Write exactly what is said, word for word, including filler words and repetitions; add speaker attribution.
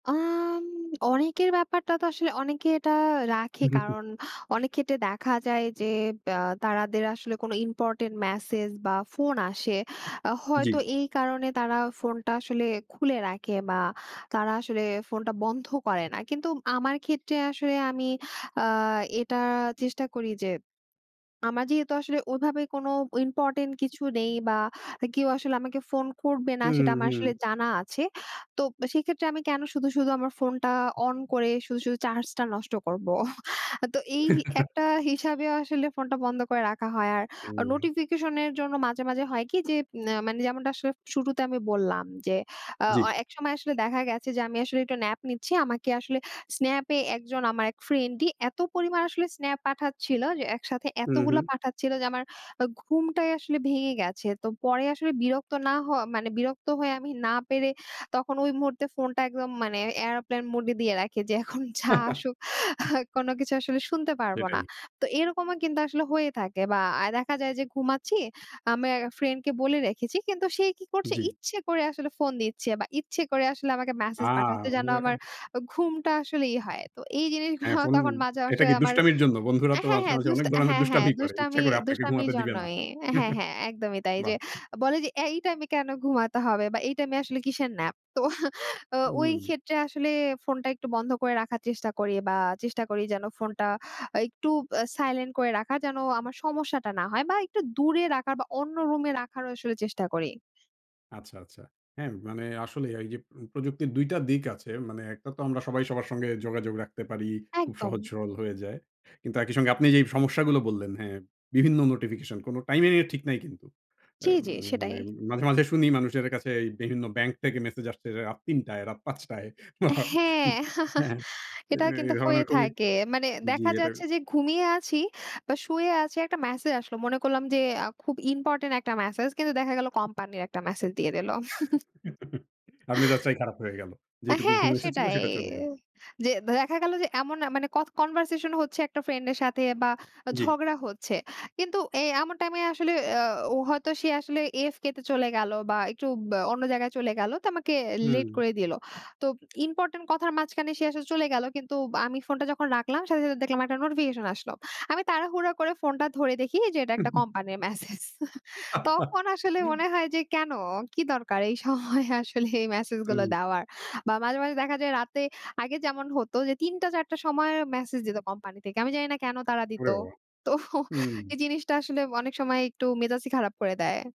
Speaker 1: আম অনেকের ব্যাপারটা তো আসলে অনেকে এটা রাখে।
Speaker 2: হু, হু, হু।
Speaker 1: কারণ অনেক ক্ষেত্রে দেখা যায় যে, আ তারাদের আসলে কোনো ইম্পোর্টেন্ট মেসেজ বা ফোন আসে। আ হয়তো
Speaker 2: জি।
Speaker 1: এই কারণে তারা ফোনটা আসলে খুলে রাখে বা তারা আসলে ফোনটা বন্ধ করে না। কিন্তু আমার ক্ষেত্রে আসলে আমি আ এটা চেষ্টা করি যে, আমার যেহেতু আসলে ওইভাবে কোন ইম্পোর্টেন্ট কিছু নেই বা আ কেউ আসলে আমাকে ফোন করবে না,
Speaker 2: হুম,
Speaker 1: সেটা আমার
Speaker 2: হুম।
Speaker 1: আসলে জানা আছে। তো ব সেক্ষেত্রে আমি কেন শুধু, শুধু আমার ফোনটা অন করে শুধু, শুধু চার্জটা নষ্ট করবো। তো এই হি একটা হিসাবে আসলে ফোনটা বন্ধ করে রাখা হয়। আর আ
Speaker 2: হুম।
Speaker 1: নোটিফিকেশনের জন্য মাঝে, মাঝে হয় কি যে ন্যা মানে যেমনটা আসলে শুরুতে আমি বললাম যে, আ
Speaker 2: জি।
Speaker 1: অ একসময় আসলে দেখা গেছে যে, আমি আসলে একটু ন্যাপ নিচ্ছি। আমাকে আসলে স্ন্যাপে একজন, আমার এক ফ্রেন্ডই এত পরিমাণ আসলে স্ন্যাপ পাঠাচ্ছিল। যে একসাথে
Speaker 2: হু,
Speaker 1: এতগুলো
Speaker 2: হু।
Speaker 1: পাঠাচ্ছিলো যে, আমার আ ঘুমটাই আসলে ভেঙে গেছে। তো পরে আসলে বিরক্ত না হয় মানে বিরক্ত হয়ে, আমি না পেরে তখন ওই মুহূর্তে ফোনটা একদম মানে এয়ারপ্লেন মোডে দিয়ে রাখি যে, এখন যা আসুক, কোনো কিছু আসলে শুনতে পারব না।
Speaker 2: সেটাই।
Speaker 1: তো এরকমও কিন্তু আসলে হয়ে থাকে বা আ দেখা যায় যে ঘুমাচ্ছি, আমায় ফ্রেন্ডকে বলে রেখেছি। কিন্তু সে কি করছে?
Speaker 2: জি।
Speaker 1: ইচ্ছে করে আসলে ফোন দিচ্ছে বা ইচ্ছে করে আসলে আমাকে মেসেজ পাঠাতে,
Speaker 2: আ!
Speaker 1: যেন আমার
Speaker 2: [unintelligible] এ
Speaker 1: ঘুমটা আসলে ইয়ে হয়। তো এই
Speaker 2: হ্যাঁ,
Speaker 1: জিনিসগুলো
Speaker 2: ফোন,
Speaker 1: তখন মাঝে,
Speaker 2: এটা
Speaker 1: মাঝে
Speaker 2: কি
Speaker 1: আমার
Speaker 2: দুষ্টামির জন্য? বন্ধুরা তো
Speaker 1: হ্যাঁ,
Speaker 2: মাঝে,
Speaker 1: হ্যাঁ।
Speaker 2: মাঝে
Speaker 1: দুস
Speaker 2: অনেক ধরনের
Speaker 1: হ্যাঁ, হ্যাঁ,
Speaker 2: দুষ্টামি করে।
Speaker 1: দুষ্টাম
Speaker 2: ইচ্ছা করে আপনাকে
Speaker 1: দুষ্টামির
Speaker 2: ঘুমাতে দিবে না।
Speaker 1: জন্যই। হ্যাঁ, হ্যাঁ একদমই তাই। যে
Speaker 2: বাহ!
Speaker 1: বলে যে, "এই টাইমে কেন ঘুমাতে হবে বা এই টাইমে আসলে কিসের ন্যাপ?" তো
Speaker 2: হুম।
Speaker 1: ওইক্ষেত্রে আসলে ফোনটা একটু বন্ধ করে রাখার চেষ্টা করি বা চেষ্টা করি যেন ফোনটা আ একটু বা সাইলেন্ট করে রাখার, যেন আমার সমস্যাটা না হয় বা একটু দূরে রাখার বা অন্য রুমে রাখারও আসলে চেষ্টা করি।
Speaker 2: আচ্ছা, আচ্ছা। হ্যাঁ, মানে আসলে এইযে উম প্রযুক্তির দুই টা দিক আছে। মানে একটা তো আমরা সবাই সবার সঙ্গে যোগাযোগ রাখতে পারি। খুব
Speaker 1: একদম।
Speaker 2: সহজ-সরল হয়ে যায়। কিন্তু একই সঙ্গে আপনি যেই সমস্যাগুলো বললেন হ্যাঁ, বিভিন্ন নোটিফিকেশন কোন টাইমিংয়ের ঠিক নাই কিন্তু। অ্যা
Speaker 1: জি,
Speaker 2: উম
Speaker 1: জি, সেটাই।
Speaker 2: মানে মাঝে, মাঝে শুনি মানুষের কাছে, বিভিন্ন ব্যাংক থেকে মেসেজ আসছে রা রাত তিন টায়, রাত পাঁচ টায়।
Speaker 1: হ্যাঁ।
Speaker 2: উ হ্যাঁ, হ্যাঁ এ
Speaker 1: এটা
Speaker 2: এ
Speaker 1: কিন্তু হয়ে
Speaker 2: ধরনের খুবই
Speaker 1: থাকে। মানে
Speaker 2: জি,
Speaker 1: দেখা
Speaker 2: এটা
Speaker 1: যাচ্ছে যে, ঘুমিয়ে আছি বা শুয়ে আছি, একটা মেসেজ আসলো। মনে করলাম যে আ খুব ইম্পোর্টেন্ট একটা মেসেজ। কিন্তু দেখা গেল কোম্পানির একটা মেসেজ দিয়ে দিল।
Speaker 2: আর মেজাজ টাই খারাপ হয়ে গেল।
Speaker 1: আ
Speaker 2: যেটুকু
Speaker 1: হ্যাঁ,
Speaker 2: ঘুম এসেছিল
Speaker 1: সেটাই।
Speaker 2: সেটা চলে গেল।
Speaker 1: যে দেখা গেল যে এমন এ মানে কথ কনভারসেশন হচ্ছে একটা ফ্রেন্ডের সাথে বা আ
Speaker 2: জি।
Speaker 1: ঝগড়া হচ্ছে। কিন্তু এ এমন টাইমে আসলে আ ও হয়তো সে আসলে AFK তে চলে গেল বা একটু ব্যা অন্য জায়গায় চলে গেল, তো আমাকে লেট
Speaker 2: হুম।
Speaker 1: করে দিল। তো ইম্পোর্টেন্ট কথার মাঝখানে সে আসলে চলে গেল। কিন্তু বা আমি ফোনটা যখন রাখলাম সাথে, সাথে দেখলাম একটা নোটিফিকেশন আসলো। আমি তাড়াহুড়া করে ফোনটা ধরে দেখি যে, এটা একটা কোম্পানির মেসেজ। তখন আসলে মনে হয় যে "কেন? কি দরকার এই সময়ে আসলে এই মেসেজগুলো
Speaker 2: হুম।
Speaker 1: দেওয়ার?" বা মাঝে, মাঝে দেখা যায় রাতে আগে যেমন হতো যে, তিনটা, চারটা সময় মেসেজ দিত কোম্পানি থেকে। আমি জানি না কেন তারা দিত?
Speaker 2: ওরে বাবা!
Speaker 1: তো
Speaker 2: হুম।
Speaker 1: এই জিনিসটা আসলে অনেক সময় একটু মেজাজই খারাপ করে দেয়।